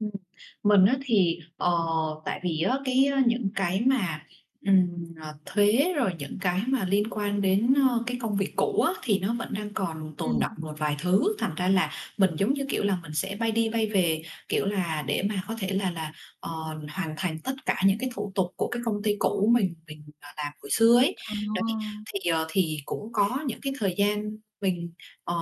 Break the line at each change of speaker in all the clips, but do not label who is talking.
Ừm, mình á thì, ờ, tại vì á, cái ơ, những cái mà, ừm, ờ, thuế rồi những cái mà liên quan đến, ơ, cái công việc cũ á, thì nó vẫn đang còn tồn đọng
Ừm.
một vài thứ, thành ra là mình giống như, kiểu là, mình sẽ bay đi bay về, kiểu là, để mà có thể là là, ờ, hoàn thành tất cả những cái thủ tục của cái công ty cũ mình mình, ờ, làm hồi xưa ấy. Đấy,
À.
thì, ờ, thì cũng có những cái thời gian mình, ờ,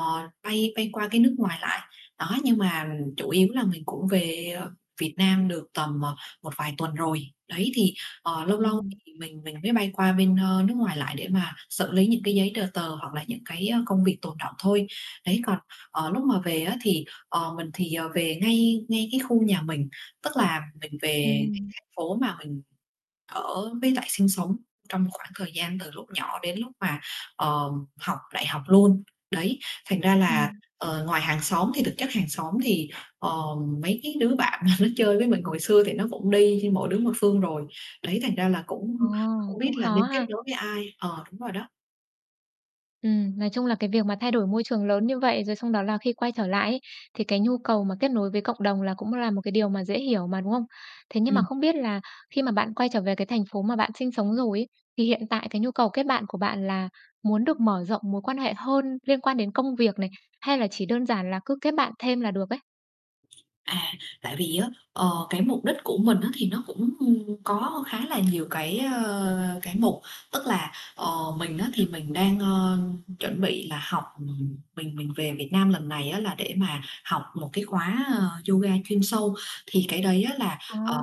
bay bay qua cái nước ngoài lại, đó, nhưng mà chủ yếu là mình cũng về, ờ, Việt Nam được tầm, ờ, một vài tuần rồi. Đấy, thì, ờ, lâu lâu
Ừm.
thì mình mình mới bay qua bên, ờ, nước ngoài lại để mà xử lý những cái giấy tờ tờ, hoặc là những cái, ơ, công việc tồn đọng thôi. Đấy, còn, ờ, lúc mà về á thì, ờ, mình thì, ờ, về ngay ngay cái khu nhà mình, tức là mình về cái
Ừm.
thành phố mà mình ở với lại sinh sống trong khoảng thời gian từ lúc nhỏ đến lúc mà, ờ, học đại học luôn. Đấy, thành ra là,
Ừm.
ờ, ngoài hàng xóm thì thực chất hàng xóm thì, ờ, mấy cái đứa bạn mà nó chơi với mình hồi xưa thì nó cũng đi đi mỗi đứa một phương rồi, đấy thành ra là
Ồ,
cũng hổng biết
cũng
là
khó
nên kết
ha.
nối với ai ờ, đúng rồi đó.
Ừm, nói chung là cái việc mà thay đổi môi trường lớn như vậy, rồi xong đó là khi quay trở lại ấy thì cái nhu cầu mà kết nối với cộng đồng là cũng là một cái điều mà dễ hiểu mà, đúng hông? Thế nhưng mà
Ừm.
không biết là khi mà bạn quay trở về cái thành phố mà bạn sinh sống rồi ấy, thì hiện tại cái nhu cầu kết bạn của bạn là muốn được mở rộng mối quan hệ hơn liên quan đến công việc này, hay là chỉ đơn giản là cứ kết bạn thêm là được ấy?
À, tại vì á, ờ, cái mục đích của mình á thì nó cũng có khá là nhiều cái ờ, cái mục, tức là, ờ, mình á thì mình đang, ờ, chuẩn bị là học, ừm, mình mình về Việt Nam lần này á là để mà học một cái khóa, à, yoga chuyên sâu. Thì cái đấy á là,
À.
ờ,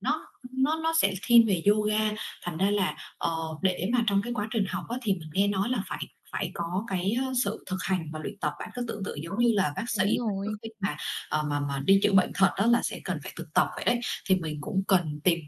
nó nó nó sẽ thiên về yoga, thành ra là, ờ, để mà trong cái quá trình học á thì mình nghe nói là phải phải có cái, ơ, sự thực hành và luyện tập. Bạn cứ tưởng tượng giống như là bác sĩ
Đúng
mà trước
rồi.
khi mà, ờ, mà mà đi chữa bệnh thật á là sẽ cần phải thực tập vậy đấy, thì mình cũng cần tìm,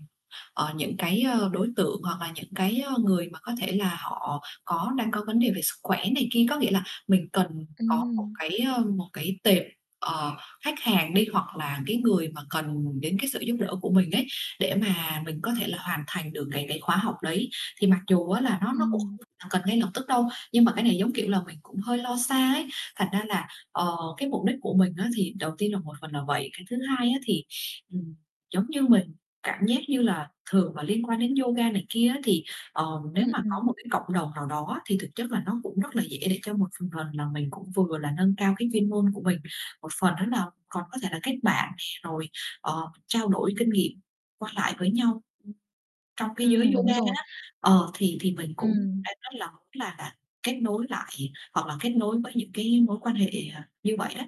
ờ, những cái ờ, đối tượng hoặc là những cái, ờ, người mà có thể là họ có đang có vấn đề về sức khỏe này kia. Có nghĩa là mình cần có một
Ừm.
cái, ờ, một cái tệp, ờ, khách hàng đi, hoặc là cái người mà cần đến cái sự giúp đỡ của mình ấy, để mà mình có thể là hoàn thành được cái cái khóa học đấy. Thì mặc dù á là nó nó cũng
Ừm.
không cần ngay lập tức đâu, nhưng mà cái này giống, kiểu là, mình cũng hơi lo xa ấy, thành ra là, ờ, cái mục đích của mình á thì đầu tiên là một phần là vậy. Cái thứ hai á thì, ừm, giống như mình cảm giác như là thường là liên quan đến yoga này kia á, thì, ờ, nếu
Ừm,
mà có
ừm.
một cái cộng đồng nào đó á, thì thực chất là nó cũng rất là dễ để cho một phần phần là mình cũng vừa là nâng cao cái chuyên môn của mình, một phần nữa là còn có thể là kết bạn nè, rồi, ờ, trao đổi kinh nghiệm qua lại với nhau trong cái giới
Ừm, đúng
yoga
rồi.
á, ờ, thì thì mình cũng
Ừm.
đang rất là muốn là-là kết nối lại hoặc là kết nối với những cái mối quan hệ, ờ, như vậy đó.